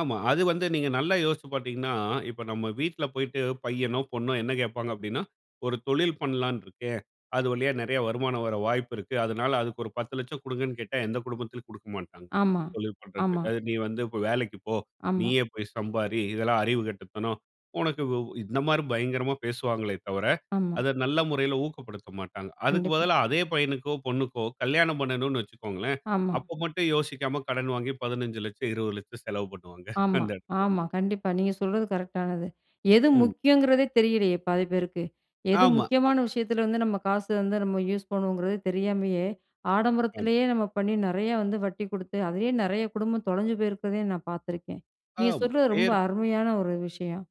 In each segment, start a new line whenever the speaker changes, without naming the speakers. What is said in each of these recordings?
ஆமா, அது வந்து நீங்க நல்லா யோசிச்சு பார்த்தீங்கன்னா, இப்ப நம்ம வீட்ல போயிட்டு பையனோ, பொண்ணோ என்ன கேப்பாங்க அப்படின்னா, ஒரு தொழில் பண்ணலாம்னு இருக்கேன், அது வழியா நெறைய வருமானம் வர வாய்ப்பு இருக்கு. அதனால அதுக்கு ஒரு 10 லட்சம் குடுங்கன்னு கேட்டா, எந்த குடும்பத்துலயும் குடுக்க மாட்டாங்க,
ஆமா,
தொழில் பண்றதுக்கு.
ஆமா.
அது "நீ வந்து வேலைக்கு போ,
ஆமா.
நீயே போய் சம்பாரி, இதெல்லாம் அறிவு கெட்டத்தனம் உனக்கு" இந்த மாதிரி பயங்கரமா பேசுவாங்களே தவிர,
ஆமா.
அத நல்ல முறையில ஊக்கப்படுத்த மாட்டாங்க. அதுக்கு
கண்டிப்பா.
பதிலா, அதே பையனுக்கோ பொண்ணுக்கோ கல்யாணம் பண்ணனும்னு வச்சுக்கோங்களேன்,
ஆமா.
அப்ப மட்டும் யோசிக்காம கடன் வாங்கி 15 லட்சம், 20 லட்சம் செலவு பண்ணுவாங்க,
ஆமா
அந்த இடத்துல.
ஆமா. கண்டிப்பா நீங்க சொல்றது கரெக்டானது. எது
ம்.
முக்கியம்ங்கிறதே தெரியலையே பாதி பேருக்கு? எது
ஆமா, ஆ
முக்கியமான விஷயத்துல வந்து நம்ம காசு வந்து நம்ம யூஸ் பண்ணனும்ங்கறது தெரியாமயே,
ஆமா.
ஆடம்பரத்திலே நம்ம பண்ணி நெறைய வந்து வட்டி குடுத்து, அதையே நெறைய குடும்பம் தொலைஞ்சு போயிருக்கதயே நான் பாத்திருக்கேன். நீங்க
ஆமா,
சொல்றது ரொம்ப
பேர்
அருமையான ஒரு விஷயம்.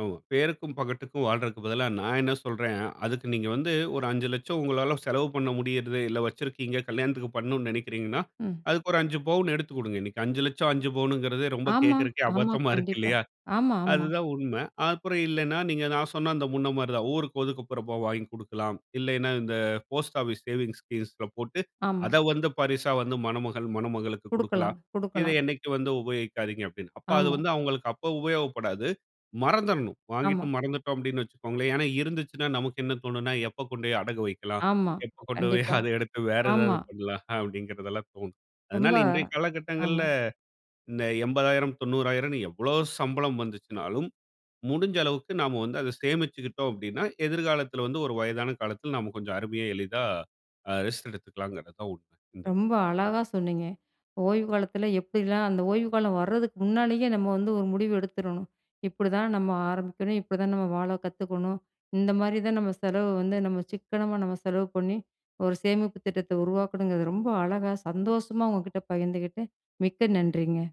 ஆமா, பேருக்கும் பகட்டுக்கும் வாழ்றதுக்கு பதிலா நான் என்ன சொல்றேன், அதுக்கு நீங்க வந்து ஒரு 5 லட்சம் உங்களால செலவு பண்ண முடியறது, இல்ல வச்சிருக்கீங்க, கல்யாணத்துக்கு பண்ணனும் நெனைக்கிறீங்கன்னா,
ம்.
அதுக்கு ஒரு 5 பவுன் எடுத்து குடுங்க. இன்னைக்கு 5 லட்சம் 5 பவுனுங்கிறதே ரொம்ப
ஆமா,
கே்க்கறதுக்கே
ஆமா,
அபத்தமா இருக்கு
கண்டிப்பா,
இல்லையா?
ஆமா, ஆமா.
அதுதான் உண்மை. அப்புறம் இல்லைன்னா, நீங்க நான் சொன்ன அந்த முன்ன மாதிரிதான் ஊருக்கு ஒதுக்குப்புறமா வாங்கி கொடுக்கலாம். இல்லைன்னா, இந்த போஸ்ட் ஆபீஸ் சேவிங் ஸ்கீம்ஸ்ல போட்டு,
ஆமா.
அதை வந்து பரிசா வந்து மணமகள், மணமகளுக்கு குடுக்கலாம்.
குடுக்கலாம்,
இதை
குடுக்கலாம்.
என்னைக்கு வந்து உபயோகிக்காதீங்க அப்படின்னு, அப்ப அது
ஆமா.
வந்து அவங்களுக்கு அப்ப உபயோகப்படாது, மறந்ததுடுணும். வாங்கிட்டு
ஆமா.
மறந்துட்டோம் அப்படின்னு வச்சுக்கோங்களேன். ஏன்னா, இருந்துச்சுன்னா நமக்கு என்ன தோணும்னா, எப்ப கொண்டு போய் அடகு வைக்கலாம்,
ஆமா,
எப்ப கொண்டு போய்
கண்டிப்பா.
அத எடுத்து வேற ஏதாவது
ஆமா.
பண்ணலாம் அப்படிங்கறதல்லாம் தோணும்.
ரொம்ப
அதனால இன்றைய காலகட்டங்கள்ல
ஆமா.
இந்த 80,000, 90,000 எவ்ளோ சம்பளம் வந்துச்சுனாலும், முடிஞ்ச அளவுக்கு நாம வந்து அதை சேமிச்சுக்கிட்டோம் அப்படின்னா, எதிர்காலத்தில வந்து ஒரு வயதான காலத்தில் நாம கொஞ்சம் அருமையா எளிதா, அ, ரெஸ்ட் எடுத்துக்கலாம்ங்கறதுதான் உண்மை இந்த
ரொம்ப அழகா சொன்னீங்க. ஓய்வு காலத்துல எப்படி எல்லாம், அந்த ஓய்வு காலம் வர்துக்கு முன்னாலயே நம்ம வந்து ஒரு முடிவு எடுத்துரணும். இப்படித்தான் நம்ம ஆரம்பிக்கணும், இப்படித்தான் நம்ம வாழ கத்துக்கணும். இந்த மாதிரிதான் நாம செலவு வந்து நம்ம சிக்கனமா நாம செலவு பண்ணி, ஒரு சேமிப்பு திட்டத்தை உருவாக்கணும்ங்கறது ரொம்ப அழகா, சந்தோஷமா உங்கட்ட பகிர்ந்துகிட்டு, மிக்க நன்றிங்க.